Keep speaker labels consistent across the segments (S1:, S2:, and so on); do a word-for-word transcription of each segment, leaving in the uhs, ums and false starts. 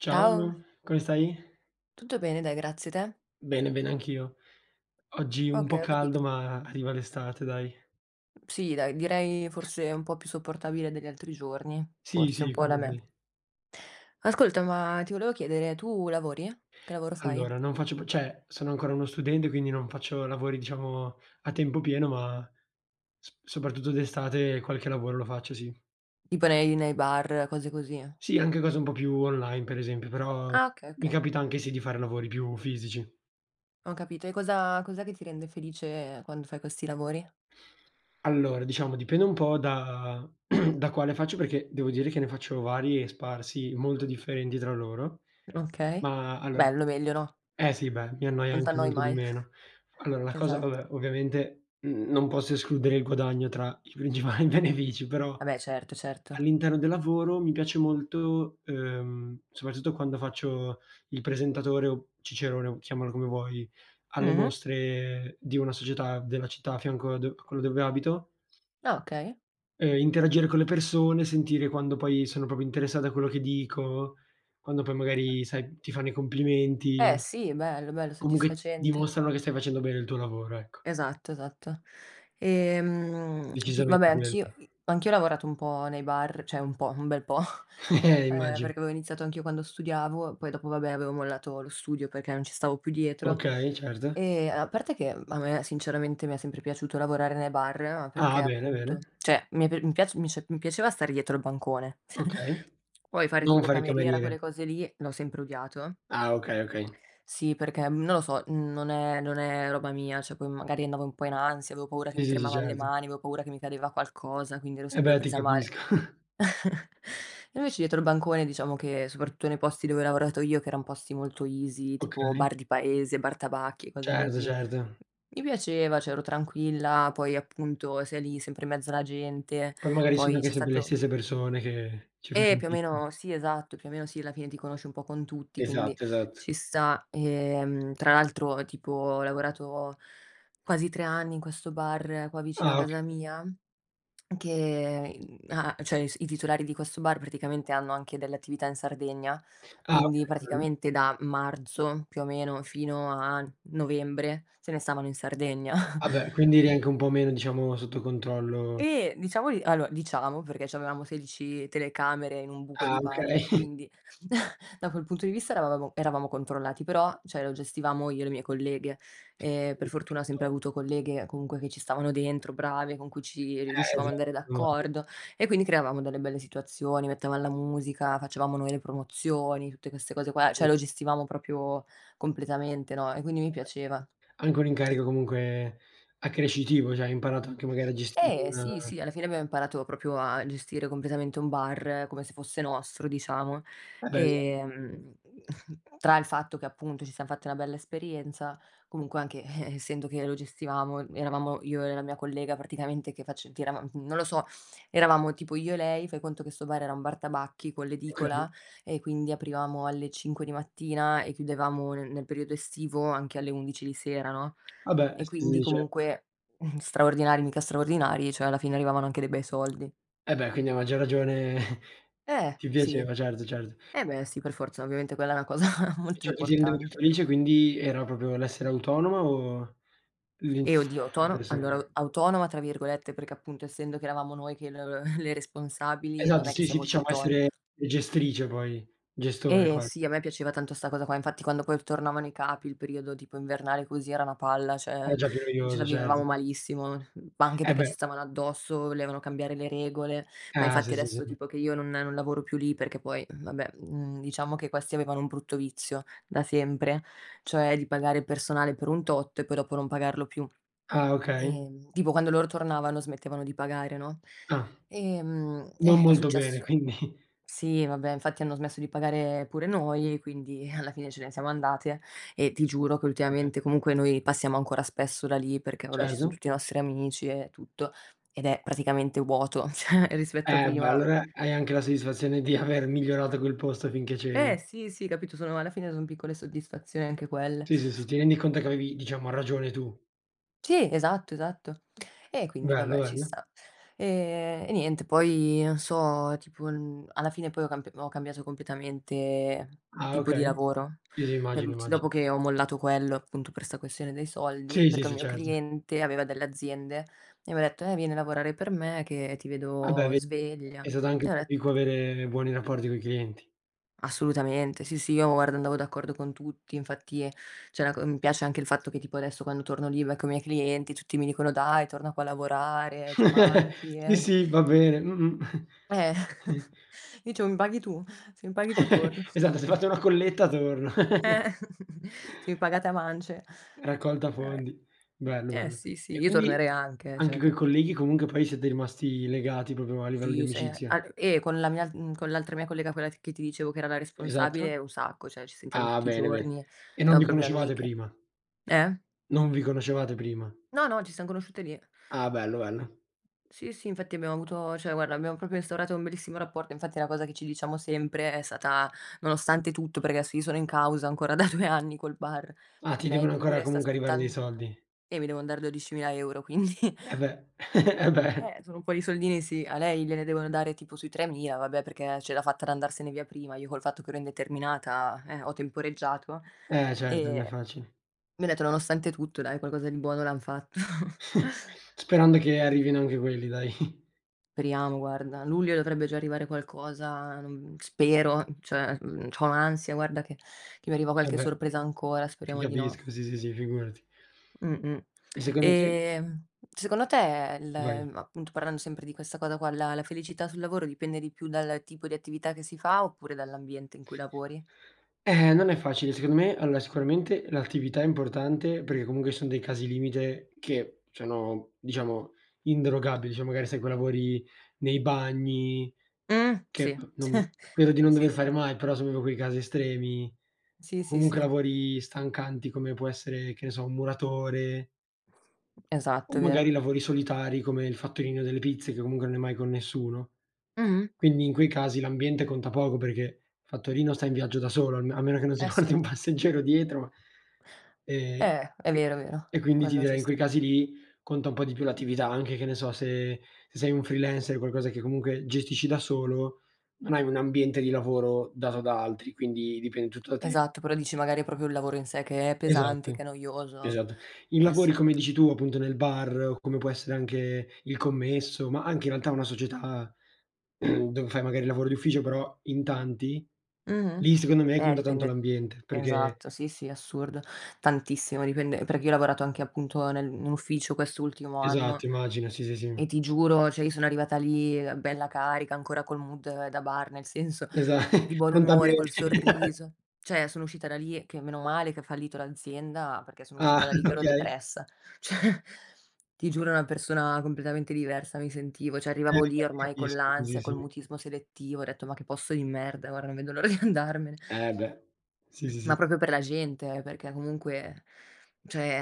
S1: Ciao.
S2: Ciao.
S1: Come stai?
S2: Tutto bene, dai, grazie, te?
S1: Bene, bene anch'io. Oggi un po'
S2: Okay, ho capito.
S1: caldo, ma arriva l'estate dai.
S2: Sì, dai, direi forse un po' più sopportabile degli altri giorni.
S1: Sì,
S2: Forse un
S1: sì,
S2: po' da me.
S1: quindi
S2: Ascolta, ma ti volevo chiedere, tu lavori? Che lavoro fai?
S1: Allora non faccio più ceh, sono ancora uno studente, quindi non faccio lavori, diciamo a tempo pieno, ma s soprattutto d'estate qualche lavoro lo faccio, sì.
S2: Tipo nei nei bar, cose così.
S1: Sì, anche cose un po' più online, per esempio, però
S2: Ah, okay.
S1: mi
S2: Okay.
S1: capita anche sì, di fare lavori più fisici.
S2: Ho capito. E cosa cos'è che ti rende felice quando fai questi lavori?
S1: Allora, diciamo dipende un po' da da quale faccio, perché devo dire che ne faccio vari e sparsi, molto differenti tra loro.
S2: Okay,
S1: Ma allora
S2: bello. Meglio, no?
S1: eh, sì, beh, mi annoia
S2: Non
S1: anche
S2: t'annoi
S1: molto di
S2: mai.
S1: meno. Allora, la cosa
S2: Esatto.
S1: vabbè, ovviamente, mhmm, non posso escludere il guadagno tra i principali benefici, però
S2: Ah beh, certo, certo.
S1: all'interno del lavoro, mi piace molto, uhm, soprattutto quando faccio il presentatore o Cicerone o chiamalo come vuoi, alle
S2: Mh-mh.
S1: mostre di una società della città a fianco a do a quello dove abito.
S2: Ah, okay.
S1: Ehm, interagire con le persone, sentire quando poi sono propio interessate a quello che dico, quando poi magari sai, ti fanno i
S2: Eh,
S1: complimenti,
S2: sì, bello, bello,
S1: comunque
S2: soddisfacente.
S1: dimostrano che stai facendo bene il tuo lavoro, ecco.
S2: Esatto, esatto. Ehm, va
S1: Decisamente
S2: beh,
S1: quello.
S2: anch'io i anch'io ho lavorato un po' nei bar, ceh un po', un bel po' ehm,
S1: Immagino.
S2: perché avevo iniziato anch'io quando studiavo, poi dopo va beh, avevo mollato lo studio perché non ci stavo più dietro.
S1: Okay, certo.
S2: E a parte che, mhmm, a me sinceramente, mi è sempre piaciuto lavorare nei bar, ma perché
S1: Ah, bene,
S2: appunto
S1: bene.
S2: ceh, mi è pia mi piace mi ci mi piaceva stare dietro al bancone.
S1: Okay,
S2: Poi fare
S1: non
S2: tipo
S1: fare il
S2: cameriera,
S1: cameriere.
S2: quelle cose lì, l'ho sempre odiato
S1: Ah, okay okay.
S2: Sì, perché non lo so, mhmm, non è non è roba mia. ceh poi magari andavo un po' in ansia, avevo paura che
S1: Sì,
S2: mi
S1: sì, sì,
S2: tremavan le
S1: certo.
S2: mani, avevo paura che mi cadeva qualcosa, quindi ero
S1: Eh
S2: sempre
S1: beh, ti
S2: presa male.
S1: capisco.
S2: E invece dietro il bancone, diciamo che, soprattutto nei posti dove ho lavorato io, che eran posti molto easy; tipo
S1: Okay.
S2: bar di paese, bar tabacchi e cose
S1: Certo,
S2: così, m
S1: certo.
S2: mi piaceva, ceh ero tranquilla, poi appunto, sei lì sempre in mezzo alla gente,
S1: Poi magari sono
S2: poi
S1: anche
S2: c'è
S1: sempre le
S2: stato
S1: stesse persone, che ci fai
S2: E più o
S1: amicizia.
S2: meno Sì, esatto, più o meno sì, alla fine ti conosci un po' con tutti, quindi
S1: Esatto, esatt
S2: ci sta. Ehm, tra l'altro, tipo ho lavorato quasi tre anni in questo bar qua, vicino a
S1: Ah, okay.
S2: casa mia, che, mhmm, a ceh i s i titolari di questo bar, praticamente hanno anche delle attività in Sardegna,
S1: Ah,
S2: quindi
S1: okay [unintelligible]
S2: praticamente da marzo, più o meno, fino a novembre, se ne stavano in Sardegna,
S1: Ah beh, quindi
S2: quin
S1: anche un po' meno, diciamo, sotto controllo
S2: Eh, diciamo di allora, diciamo perché c'avevamo sedici telecamere in un buco
S1: Ah,
S2: di
S1: okay.
S2: bar, quindi, da quel punto di vista eravamo eravamo controllati, però, ceh lo gestivamo io e le mie colleghe,
S1: Sì,
S2: e per
S1: sì,
S2: fortuna ho sempre
S1: [unintelligible]
S2: avuto colleghe, comunque che ci stavano dentro, brave, con cui ci
S1: Eh,
S2: riuscivamo ad andare
S1: esatto, esatto.
S2: d'accordo, e quindi creavamo delle belle situazioni, mettevamo la musica, facevamo noi le promozioni, tutte queste cose qua, ceh
S1: Mh.
S2: lo gestivamo proprio completamente no, e quindi mi
S1: Eh beh,
S2: piaceva.
S1: anche un incarico comunque accrescitivo ceh, hai imparato anche magari a gestire
S2: Eh
S1: una
S2: sì, sì, alla fine abbiamo imparato propio a gestire completamente un bar, come se fosse nostro diciamo.
S1: Eh beh, esat
S2: Ehm, tra il fatto che appunto ci siam fatti una bella esperienza, comunque anche, eh, essendo che lo gestivamo eravamo io e la mia collega praticamente che face che eravam non lo so, eravamo tipo io e lei. Fai conto che sto bar era un bar tabacchi, con
S1: Okay.
S2: l'edicola, e quindi aprivamo alle cinque di mattina, e chiudevamo nel nel periodo estivo, anche alle undici di sera no,
S1: Ah beh,
S2: e
S1: sì,
S2: quindi
S1: sì, cer
S2: comunque, straordinari, mica straordinari, ceh alla fine arrivavano anche de bei soldi.
S1: Eh beh, quindi a maggior ragione.
S2: Eh,
S1: Ti
S2: sì,
S1: piaceva, certo, certo.
S2: eh beh, sì, per forza. Ovviamente quella è una cosa
S1: E
S2: molto
S1: ciò che ti rendeva più
S2: importante.
S1: felice quindi era propio l'essere autonoma o
S2: E
S1: l'if
S2: oddio autono allora a
S1: persone.
S2: "autonoma" tra virgolette, perché appunto, essendo che eravamo noi che l l le responsabili non
S1: Esatto.
S2: è che
S1: Sì,
S2: sia
S1: sì,
S2: molto
S1: diciamo
S2: autono
S1: essere gestrice, poi gestore
S2: Eh
S1: qua
S2: sì, a me piaceva tanto sta cosa qua, infatti quando poi tornavano i capi il periodo tipo invernale così era una palla,
S1: Eh
S2: ceh
S1: già, più
S2: ce la
S1: noioso certo.
S2: vivevamo malissimo, mhmm, anche
S1: Eh,
S2: perché
S1: beh.
S2: ci stavano addosso, volevano cambiare le regole. Ma
S1: Ah,
S2: infatti
S1: sì, sì, sì,
S2: adesso
S1: sì.
S2: tipo che io non non lavoro più lì perché poi vabbè, mhmm, diciamo che questi avevano un brutto vizio da sempre, cioè di pagare il personale per un tot e poi dopo non pagarlo più,
S1: Ah, okay.
S2: uhm, tipo quando loro tornavano smettevano di pagare, no,
S1: Ah
S2: uhm,
S1: non
S2: eh, è
S1: molto bene,
S2: successo
S1: quindi.
S2: Sì, vabbè infatti hanno smesso di pagare pure noi, quindi alla fine ce ne siamo andate, e ti giuro che
S1: Eh beh.
S2: ultimamente comunque noi passiamo ancora spesso da lì perché vabbè, ci son
S1: Certo.
S2: tutti i nostri amici e tutto, ed è praticamente vuoto, cioè rispetto a
S1: Eh beh,
S2: prima
S1: allora hai anche la soddisfazione di aver migliorato quel posto finché
S2: Eh,
S1: c'eri.
S2: sì, sì, capito, sono alla fine sono piccole soddisfazioni anche quelle.
S1: Sì, sì, sì, ti rendi conto che avevi, diciamo ragione tu.
S2: Sì, esatto, esatto. E quindi
S1: Bello,
S2: vabbè, ci
S1: bello.
S2: sta, ehm, e niente, poi non so, tipo, uhm, alla fine poi ho camp ho cambiato completamente
S1: Ah,
S2: tipo di
S1: okay.
S2: lavoro
S1: Sì, sì,
S2: per
S1: immagino,
S2: l'ulti dopo
S1: immagin
S2: che ho mollato quello, appunto per sta questione dei soldi,
S1: Sì, sì,
S2: perché un
S1: sì,
S2: mio
S1: certo.
S2: cliente aveva delle aziende, e mi ha detto: "Eh vieni a lavorare per me che ti
S1: Ah, beh
S2: vedo
S1: ved
S2: sveglia",
S1: è stato anche
S2: e ho det
S1: dico avere buoni rapporti con i clienti.
S2: Assolutamente, sì, sì, io guarda andavo d'accordo con tutti, infatti, c'è una co mi piace anche il fatto che, tipo adesso quando torno lì becco i miei clienti, tutti mi dicono: "Dai torna qua a lavorare, ci manchi",
S1: Sì,
S2: eh.
S1: sì, va bene. Mh-mh.
S2: Eh, dicevo: "Mi paghi tu? Se mi paghi tu torno".
S1: Esatto. Se fate una colletta torno.
S2: Eh se mi pagate a mance,
S1: Raccolta
S2: eh va beh
S1: fondi.
S2: uhm,
S1: Bello,
S2: eh,
S1: bello.
S2: sì, sì,
S1: E
S2: io
S1: quindi
S2: tornerei anche eh,
S1: anche
S2: ceh,
S1: coi
S2: capito?
S1: colleghi comunque poi siete rimasti legati propio a livello di
S2: Sì se
S1: amicizia?
S2: an eh, con la mia, uhm, con l'altra mia collega, quella che ti dicevo che era la
S1: Esatto.
S2: responsabile, un sacco. ceh, ci sentiamo
S1: Ah,
S2: tutti i
S1: bene, bene.
S2: giorni.
S1: E non
S2: Siamo
S1: vi
S2: proprio
S1: conoscevate
S2: amiche.
S1: prima?
S2: Eh?
S1: Non vi conoscevate prima?
S2: No, no, ci siam conosciute lì.
S1: Ah, bello, bello.
S2: Sì, sì, infatti abbiamo avuto ceh guarda, abbiam proprio instaurato un bellissimo rapporto. Infatti è una cosa che ci diciamo sempre è stata nonostante tutto, perché adesso io sono in causa ancora da due anni col bar.
S1: Ah, ti
S2: Lei
S1: devono ancora
S2: pure sta
S1: comunque arrivare dei
S2: aspettando
S1: soldi.
S2: Eh, mi devon mandare dodicimila euro, quindi.
S1: Eh beh. eh beh.
S2: Eh, sono un po' di soldini sì, a lei gliene devono dare tipo sui tremila, vabbè perché, ehm, ce l'ha fatta ad andarsene via prima, io col fatto che ero indeterminata eh, ho temporeggiato,
S1: Eh, certo, non
S2: ehm,
S1: è facile.
S2: mi ha detto nonostante tutto, dai qualcosa di buono l'han fatto.
S1: Sperando che arrivino anche quelli dai.
S2: periamo guarda, a luglio dovrebbe già arrivare qualcosa, n mhmm, spero, cioè, mhmm, c'ho un'ansia, guarda che che mi arriva
S1: Eh
S2: qualche
S1: beh
S2: sorpresa ancora,
S1: ti
S2: speriamo di no.
S1: capisco sì, sì, sì, figurati.
S2: Mh-mh.
S1: E secondo te
S2: Ehm, secondo te, il
S1: Vai.
S2: appunto parlando sempre di questa cosa qua, la la felicità sul lavoro dipende di più dal tipo di attività che si fa oppure dall'ambiente in cui lavori?
S1: Eh non è facile, secondo me allora sicuramente l'attività è importante perché comungue ci sono dei casi limite che sono, diciamo, inderogabili, ceh magari sai coi lavori nei bagni
S2: Mh
S1: che,
S2: sì,
S1: mhmm, no credo di non
S2: sì,
S1: dover
S2: sì.
S1: fare mai, però sono quei casi estremi,
S2: Sì, sì,
S1: comunque
S2: sì.
S1: lavori stancanti come può essere che ne so, un muratore o
S2: Esatto, è vero.
S1: magari lavori solitari come il fattorino delle pizze, che comungue non è mai con nessuno.
S2: Mh-mh.
S1: Quindi in quei casi l'ambiente conta poco perghé il fattorino sta in viaggio da solo a me a meno che non si
S2: Eh,
S1: porti
S2: sì.
S1: un passeggero dietro. Ehm
S2: Eh, è
S1: e
S2: vero, vero,
S1: e quindi ti
S2: quello ci
S1: direi in quei
S2: sta.
S1: casi lì conta un po' di più l'attività; anche che ne so se se sei un freelancer, qualcosa che comungue gestisci da solo, non hai un ambiente di lavoro dato da altri, quindi dipende tutto da te.
S2: Esatto. Però dici magari è proprio un lavoro in sé che è pesante,
S1: Esatto,
S2: che è noioso.
S1: esatto i
S2: Eh
S1: lavori
S2: sì.
S1: come dici tu, appunto nel bar o come può essere anche il commesso, ma anche in realtà una società, dove fai magari il lavoro d'ufficio però in tanti,
S2: Mh-mh,
S1: lì secondo me
S2: eh
S1: conta tanto
S2: dipende.
S1: l'ambiente perghé
S2: Esatto sì, sì, assurdo. Tantissimo, dipende perché io ho lavorato anche, appunto, nel in ufficio quest'ultimo anno
S1: Esatto, immagino sì, sì, sì.
S2: e ti giuro, cioè io sono arrivata lì bella carica ancora col mood da bar nel senso
S1: Esa
S2: di buon
S1: conta
S2: umore, col
S1: bene.
S2: sorriso, cioè sono uscita da lì che meno male che ha fallito l'azienda perché sono uscita
S1: Ah,
S2: da lì che ero
S1: okay.
S2: depressa, cioè ti giuro, ero una persona combletamente diversa, mi sentivo, cioè
S1: Eh,
S2: arrivavo lì
S1: ti
S2: ormai con
S1: capisco.
S2: l'ansia,
S1: Così,
S2: col
S1: sì.
S2: mutismo selettivo, ho retto: "Ma che posto di merda, guarda non vedo l'ora di andarmene."
S1: Eh beh, sì, sì,
S2: Ma
S1: sì.
S2: proprio per la gente eh, perché comunque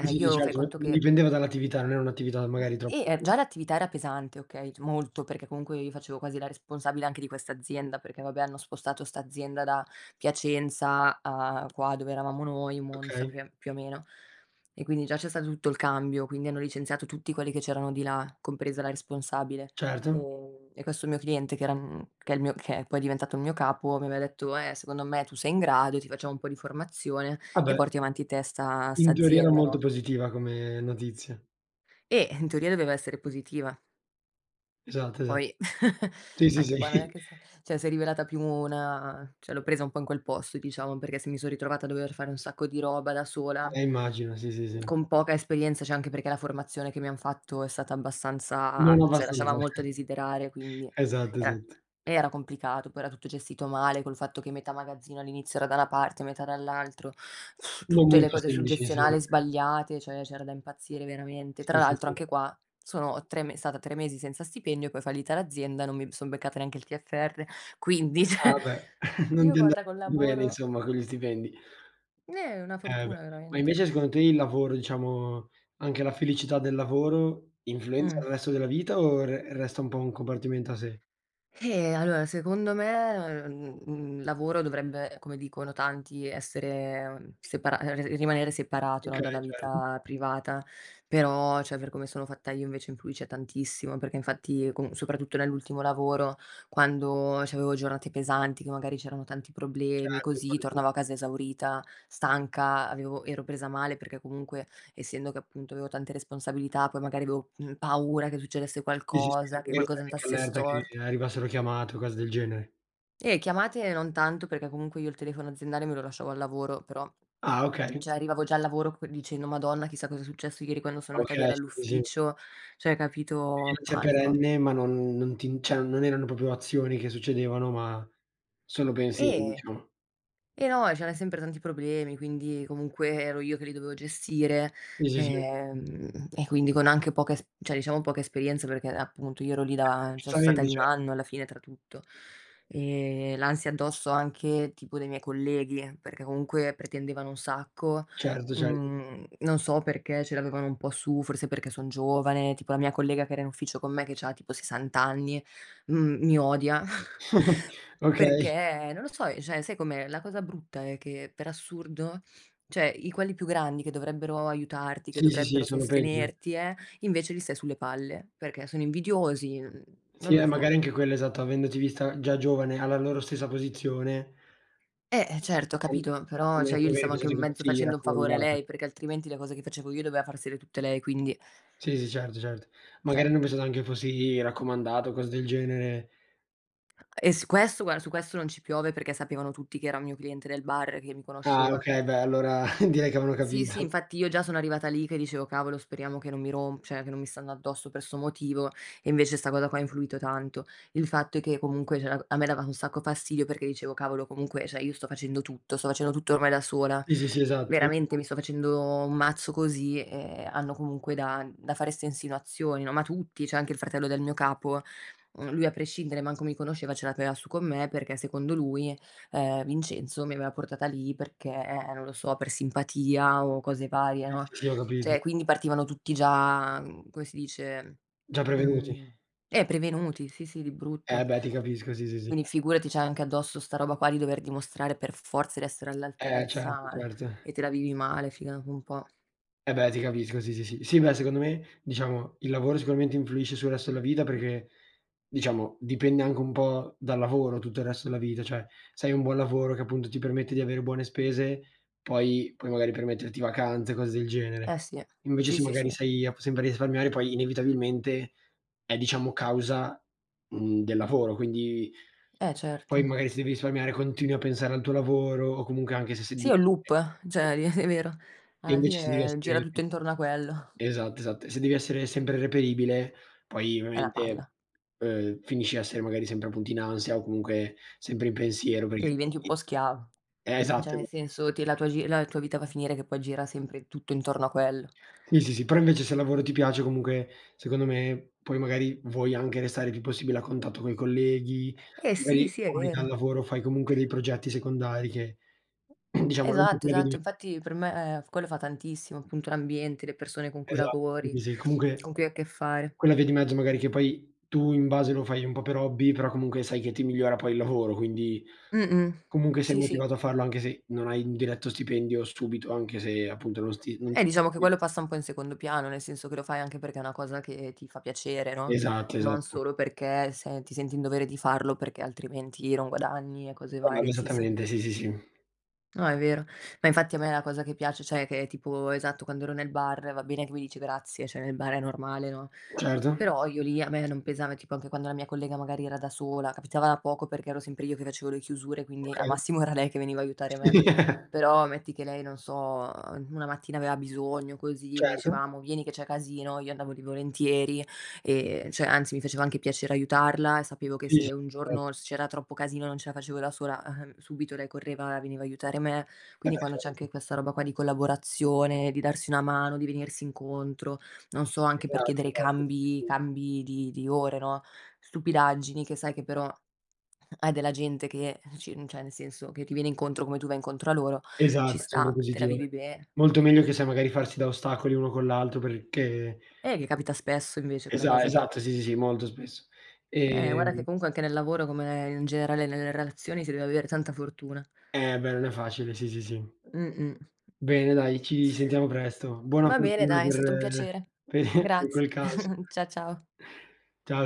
S1: Sì, sì, di
S2: io fai
S1: certo, n
S2: conto
S1: non
S2: che
S1: dipendeva dall'attività. Non era un'attività magari troppo
S2: Eh già l'attività era pesante okay, c molto perché comunque io facevo quasi la responsabile anche di questa azienda perché vabbè, hanno spostato sta azienda da Piacenza a qua, dove eravamo noi, Monza
S1: Okay.
S2: più a più o meno. E quindi già c'è stato tutto il cambio, quindi hanno licenziato tutti quelli che c'erano di là, compresa la responsabile.
S1: Certo.
S2: Ehm, e questo mio cliente che era mhmm, che è il mio che poi è diventato il mio capo mi aveva detto: "Eh secondo me tu sei in grado, ti facciamo un po' di formazione
S1: Ah
S2: e
S1: beh.
S2: porti avanti te sta sta
S1: In teoria era
S2: azienda."
S1: molto
S2: No?
S1: positiva come notizia.
S2: Eh, in teoria doveva essere positiva.
S1: Esatto, esat
S2: Poi,
S1: Sì, sì, sì.
S2: anche qua non è che s'è ceh, s'è rivelata più una ceh, l'ho presa un po' in quel posto, diciamo, perché se mi son ritrovata a dover fare un sacco di roba da sola,
S1: Eh,
S2: mhmm,
S1: immagino. Sì, sì, sì.
S2: con poca esperienza. ceh anche perché la formazione che mi han fatto è stata abbastanza
S1: Non
S2: ceh lasciava
S1: abbastanza.
S2: molto a desiderare, quindi,
S1: Esatto
S2: era
S1: esatto.
S2: eh, era complicato. Poi era tutto gestito male col fatto che metà magazzino all'inizio era da na parte, metà dall'altro,
S1: Non
S2: tutte le
S1: molto
S2: cose sul
S1: semplice, insom
S2: gestionale sbagliate, ceh, c'era da impazzire veramente. Tra
S1: Sì, sì,
S2: l'altro
S1: sì.
S2: anche qua, sono tre me stata tre mesi senza stipendio e poi è fallita l'azienda. Non mi son beccata neanche il TFR quindi ceh.
S1: Ah, beh, non
S2: Io
S1: ti è anda
S2: guarda col
S1: bene
S2: lavoro
S1: insomma, con gli stipendi.
S2: Eh, è una
S1: Eh beh,
S2: fortuna
S1: ma
S2: veramente.
S1: invece secondo te il lavoro, diciamo, anche la felicità del lavoro influenza
S2: Mh.
S1: il resto della vita o re resta un po' un compartimento a sé?
S2: Eh, allora secondo me, uhm, mhmm, mhmm, lavoro dovrebbe, come dicono tanti, essere separa ehm, re rimanere separato, no,
S1: Okay,
S2: dalla
S1: certo.
S2: vita privata. Però ceh, per come sono fatta io invece influisce tantissimo, perché infatti con soprattutto nell'ultimo lavoro, quando c'avevo giornate pesanti che magari c'erano tanti problemi
S1: Certo e
S2: così,
S1: fare tu.
S2: tornavo a casa esaurita, stanca, avevo ero presa male perché comunque, essendo che appunto avevo tante responsabilità, poi magari avevo, mhmm, paura che succedesse
S1: Sì, sì, sì,
S2: qualcosa,
S1: tipo
S2: che
S1: magari
S2: qualcosa
S1: stai anche
S2: andasse
S1: all'erta che
S2: stort
S1: arrivassero chiamate o cose del genere.
S2: Eh, chiamate, non tanto perché comunque io il telefono aziendale me lo lasciavo al lavoro, però,
S1: Ah, okay.
S2: ceh arrivavo già al lavoro c dicendo: "Madonna, chissà cosa è successo ieri quando sono andata via
S1: Okay. Sì, sì, sì.
S2: dall'ufficio", cioè,
S1: [unintelligible]
S2: capito,
S1: cè
S2: panico.
S1: perenne, ma non non ti ceh, non erano popio azioni che succedevano ma sono pensieri
S2: E
S1: diciamo.
S2: e no c'erano sempre tanti problemi, quindi comunque ero io che li dovevo gestire,
S1: Sì, sì, sì.
S2: ehm, e quindi con anche poca es cioè, diciamo poca esperienza perché appunto io ero lì
S1: Eh
S2: da
S1: beh,
S2: ceh, sono stata
S1: giustamente
S2: lì un
S1: ceh
S2: anno alla fine tra tutto. E l'ansia addosso anche tipo dei miei colleghi, perché comunque pretendevano un sacco.
S1: Certo, certo.
S2: Mhmm, non so perché ce l'avevano un po' su, forse perché son giovane, tipo la mia collega che era in ufficio con me che c'ha tipo sessanta anni, uhm, mi odia.
S1: Okay.
S2: Perché, non lo so, cioè sai com'è, la cosa brutta è che per assurdo, cioè i quelli più grandi che dovrebbero aiutarti, che
S1: Sì, sì, sì,
S2: dovrebbero
S1: sono peggio.
S2: sostenerti eh, invece gli stai sulle palle, perché sono invidiosi, n
S1: Sì,
S2: non
S1: eh
S2: lo so.
S1: magari anche quella. Esatto, avendoti vista già giovane alla loro stessa posizione
S2: Eh, certo, ho
S1: [unintelligible]
S2: capito.
S1: che
S2: Però cioè, io gli
S1: magari ha
S2: stavo anche in
S1: pensato
S2: mezzo
S1: fossi
S2: facendo un favore a
S1: raccomandata.
S2: lei, perché altrimenti le cose che facevo io doveva farsele tutte lei, quindi
S1: Sì, sì, certo, certo. Magari
S2: ceh
S1: hanno pensato anche fossi raccomandata o cose del genere.
S2: E s questo guara, su questo non ci piove perché sapevano tutti che era un mio cliente del bar che mi
S1: Ah,
S2: conosceva.
S1: okay. Beh, allora direi che avevano
S2: Sì, sì,
S1: capito.
S2: infatti io già sono arrivata lì che dicevo cavolo speriamo che non mi rom ceh, che non mi stanno addosso per 'sto motivo e invece 'sta cosa qua ha influito tanto. Il fatto è che comunque ceh, a me dava un sacco fastidio perché dicevo: "Cavolo, comunque ceh, io sto facendo tutto, sto facendo tutto ormai da sola.
S1: Sì, sì, sì, esatto.
S2: Veramente
S1: [unintelligible]
S2: mi sto facendo un mazzo così e hanno comunque da da fare ste insinuazioni no", ma tutti, ceh anche il fratello del mio capo, uhm, lui a prescindere, manco mi conosceva ce l'aveva su con me perché secondo lui, ehm, Vincenzo mi aveva portata lì perché, non lo so, per simpatia o cose varie,
S1: Sì,
S2: no.
S1: sì, sì, ho capito.
S2: ceh, quindi partivano tutti già, mhmm, come si dice,
S1: Già prevenuti.
S2: uhm, eh prevenuti, sì, sì, di
S1: Eh
S2: brutto.
S1: beh, ti capisco. Sì, sì, sì.
S2: Quindi figurati, c'hai anche addosso 'sta roba qua di dover dimostrare per forza di essere
S1: Eh, certo,
S2: all'altezza
S1: certo.
S2: e te la vivi male, figa un po'.
S1: Eh beh, ti capisco sì, sì, sì. Sì, beh, secondo me, diciamo il lavoro sicuramente influisce sul resto della vita, perché, diciamo, dipende anche un po' dal lavoro tutto il resto della vita. ceh, se hai un buon lavoro che appunto ti permette di avere buone spese, poi puoi magari permetterti vacanze, cose del genere.
S2: Eh, sì,
S1: Invece,
S2: sì,
S1: se
S2: sì,
S1: magari
S2: sì.
S1: sei a p sempre risparmiare, poi inevitabilmente è, diciamo, causa, mhmm, del lavoro, quindi
S2: Eh,
S1: poi
S2: certo.
S1: magari se devi risparmiare, continui a pensare al tuo lavoro o comunque, anche se sei
S2: Sì, è un loop ceh,
S1: [unintelligible]
S2: li è vero.
S1: E
S2: Alla
S1: invece se devi
S2: fine gira
S1: essere
S2: tutto intorno a quello.
S1: esatto, esatto. E se devi essere sempre reperibile, poi
S2: È na
S1: ovviamente,
S2: palla.
S1: uhm, finisci a essere magari sempre appunto in ansia, o comunque sempre in pensiero per i
S2: E diventi un
S1: [unintelligible]
S2: po' schiavo.
S1: esatto,
S2: ceh nel
S1: esat
S2: senso te la tua gi la tua vita va a finire che poi gira sempre tutto intorno a quello.
S1: Sì, sì, si però invece se il lavoro ti piace, comunque secondo me, poi magari vuoi anche restare più possibile a contatto coi colleghi,
S2: Eh, sì,
S1: magari
S2: sì, è
S1: fuori dal
S2: vero.
S1: lavoro fai comunque dei progetti secondari che diciamo non
S2: Esatto. Esatto.
S1: [unintelligible]
S2: Infatti per me quello fa tantissimo, appunto l'ambiente le persone con cui
S1: Esatto
S2: lavori,
S1: sì, sì comunque
S2: con cui hai a che fare.
S1: quella via di mezzo, magari che poi tu in base lo fai un po' per hobby però comunque sai che ti migliora poi il lavoro, quindi
S2: Mh-mh,
S1: comunque sei
S2: sì, sì.
S1: motivato a farlo anche se non hai un diretto stipendio subito, anche se appunto non sti non
S2: Eh diciamo che
S1: [unintelligible]
S2: quello passa un po' in secondo piano, nel senso che lo fai anche perché è una cosa che ti fa piacere, no,
S1: Esatto.
S2: non
S1: Esatto.
S2: solo perché se ti senti in dovere di farlo perché altrimenti non guadagni e cose
S1: [unintelligible]
S2: varie, sì, sì.
S1: esattamente. Sì, sì, sì.
S2: No, è vero, ma infatti a me la cosa che piac ceh che è tipo esatto, quando ero nel bar, va bene che mi dici grazie, ceh nel bar è normale, no,
S1: Certo.
S2: però io lì a me non pesava tipo, anche quando la mia collega magari era da sola, capitava poco perché, ero sempre io che facevo le chiusure, quindi al
S1: Okay.
S2: massimo era lei che veniva a aiutare
S1: Sì.
S2: me. Però, metti che lei non so, ehm, una mattina aveva bisogno, così mi
S1: Certo.
S2: diceva: "Amo vieni che c'è casino", io andavo lì volentieri, e ceh anzi mi faceva anche piacere aiutarla e sapevo che
S1: Sì
S2: se,
S1: sì,
S2: un
S1: satto.
S2: giorno s c'era troppo casino non ce la facevo da sola, ehm, subito lei correva e veniva a aiutare me.
S1: Eh
S2: Quindi,
S1: beh
S2: quando c'è
S1: certo.
S2: anche questa roba qua di collaborazione, di darsi una mano, di venirsi incontro, non so anche per
S1: Esatto,
S2: chiedere
S1: esatto, sì sì
S2: cambi,
S1: sì.
S2: cambi di di ore, no, stupidaggini che sai che però, hai della gente che ci ceh nel senso che ti viene incontro, come tu vai incontro a loro, ci
S1: Esatto, sempre
S2: sta, te la
S1: positivo.
S2: vivi bene.
S1: Molto meglio che sai magari farsi da ostacoli uno con l'altro perché
S2: Eh che capita spesso invece, quella
S1: Esa
S2: cosa lì.
S1: esatto. Sì, sì, sì. Molto spesso,
S2: Eh, guarda che
S1: ehm
S2: comunque anche nel lavoro, come è in generale nelle relazioni si deve avere tanta fortuna.
S1: Eh beh, non è facile. Sì, sì, sì.
S2: Mh-mh.
S1: Bene. Dai, ci sentiamo presto. Buona
S2: Va bene,
S1: fortuna
S2: dai, è stato un
S1: per
S2: piacere.
S1: per per
S2: Grazie.
S1: quel caso.
S2: Cia ciao.
S1: Ciao.